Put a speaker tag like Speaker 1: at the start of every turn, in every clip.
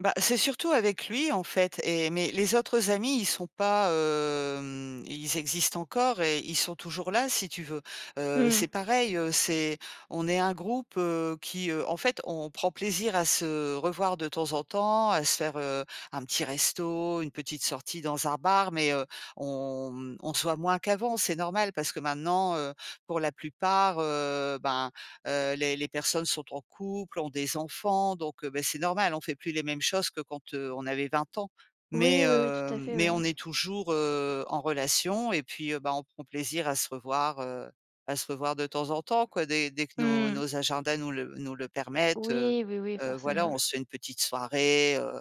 Speaker 1: Bah c'est surtout avec lui en fait et mais les autres amis, ils sont pas hem, ils existent encore et ils sont toujours là si tu veux. Heu,
Speaker 2: Mmh.
Speaker 1: c'est pareil, heu, c'est on est un groupe, heu, qui heu, en fait, on prend plaisir à se revoir de temps en temps, à se faire, heu, un petit resto, une petite sortie dans un bar. Mais, heu, on, mmh, on se voit moins qu'avant, c'est normal parce que maintenant, heu, pour la plupart, heu, ben, heu, les les personnes sont en couple, ont des enfants, donc, heu, beh, c'est normal. On fait plus les mêmes choses que quand, heu, on avait 20 ans. Mais,
Speaker 2: Oui, oui, oui,
Speaker 1: heu,
Speaker 2: tout à fait,
Speaker 1: mais
Speaker 2: oui.
Speaker 1: on est toujours, heu, en relation et puis, heu, bah, on prend plaisir à se revoir, heu, à se revoir de temps en temps quoi, dès dès que nos
Speaker 2: Mmh
Speaker 1: nos
Speaker 2: mh.
Speaker 1: agendas nous le nous le permettent, heu
Speaker 2: Oui, oui, oui,
Speaker 1: heu, voilà,
Speaker 2: forcément.
Speaker 1: on se fait une petite soirée, heu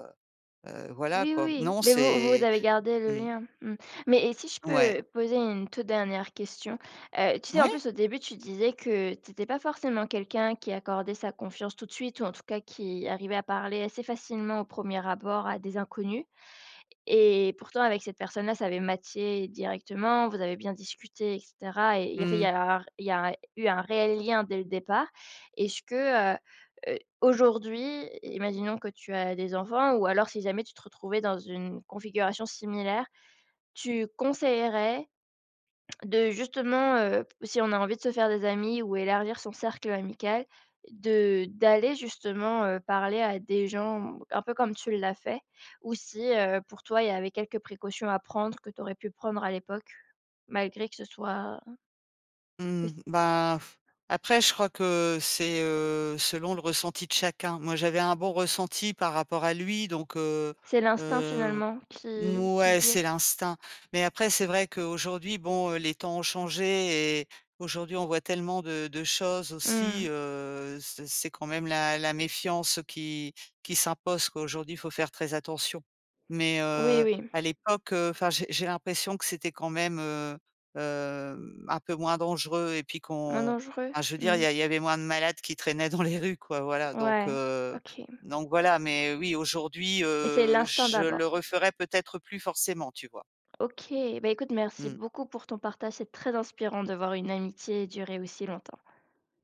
Speaker 1: heu, voilà
Speaker 2: Oui, oui,
Speaker 1: quoi.
Speaker 2: oui,
Speaker 1: Non,
Speaker 2: mais vous vous
Speaker 1: c'est
Speaker 2: avez gardé le
Speaker 1: mmh.
Speaker 2: lien. Mmh. Mais et si je
Speaker 1: Ouais.
Speaker 2: peux poser une toute dernière question, heu, tu sais en
Speaker 1: Moui!
Speaker 2: plus au début tu disais que tu étais pas forcément quelqu'un qui accordait sa confiance tout de suite ou en tout cas qui arrivait à parler assez facilement au 1er abord à des inconnus et pourtant avec cette personne-là, ça avait matché directement. Vous avez bien discuté et cetera et il
Speaker 1: Mmh
Speaker 2: y avait il y
Speaker 1: mh.
Speaker 2: a r il y a eu un réel lien dès le départ. Est-ce que, heu, aujourd'hui, imaginons que tu as des enfants ou alors si jamais tu te retrouvais dans une configuration similaire, tu conseillerais de justement, heu, si on a envie de se faire des amis ou élargir son cercle amical, de d'aller justement, heu, parler à des gens un peu comme tu l'as fait, ou si, heu, pour toi il y avait quelques précautions à prendre que tu aurais pu prendre à l'époque? Malgré que ce soit que
Speaker 1: Mmh
Speaker 2: s
Speaker 1: ben après, je crois que c'est, heu, selon le ressenti de chacun. Moi, j'avais un bon ressenti par rapport à lui, donc, heu
Speaker 2: C'est l'instinct
Speaker 1: heu
Speaker 2: finalement qui qui
Speaker 1: ouais,
Speaker 2: guide?
Speaker 1: c'est l'instinct. Mais après, c'est vrai qu'aujourd'hui, bon, heu, les temps ont changé et aujourd'hui, on voit tellement de de choses
Speaker 2: Mmh
Speaker 1: aussi,
Speaker 2: mh.
Speaker 1: heu, ce c'est quand même la la méfiance qui qui s'impose, quoi. Aujourd'hui, il faut faire très attention. Mais,
Speaker 2: Oui,
Speaker 1: heu,
Speaker 2: oui.
Speaker 1: à l'époque, heu, enfin j'ai j'ai l'impression que c'était quand même, heu heu, mmh, un peu moins dangereux et puis
Speaker 2: Moins
Speaker 1: qu'on
Speaker 2: dangereux?
Speaker 1: enfin je veux dire, il y
Speaker 2: Mmh.
Speaker 1: a il y avait moins de malades qui traînaient dans les rues, quoi. Voilà donc,
Speaker 2: Ouais,
Speaker 1: heu,
Speaker 2: OK.
Speaker 1: donc voilà, mais, heu, oui, aujourd'hui,
Speaker 2: Mais c'est
Speaker 1: heu,
Speaker 2: l'instinct
Speaker 1: je le
Speaker 2: d'abord?
Speaker 1: referais peut-être plus forcément, tu vois?
Speaker 2: OK, beh écoute merci
Speaker 1: Mmh.
Speaker 2: beaucoup pour ton partage, c'est très inspirant de voir une amitié durer aussi longtemps.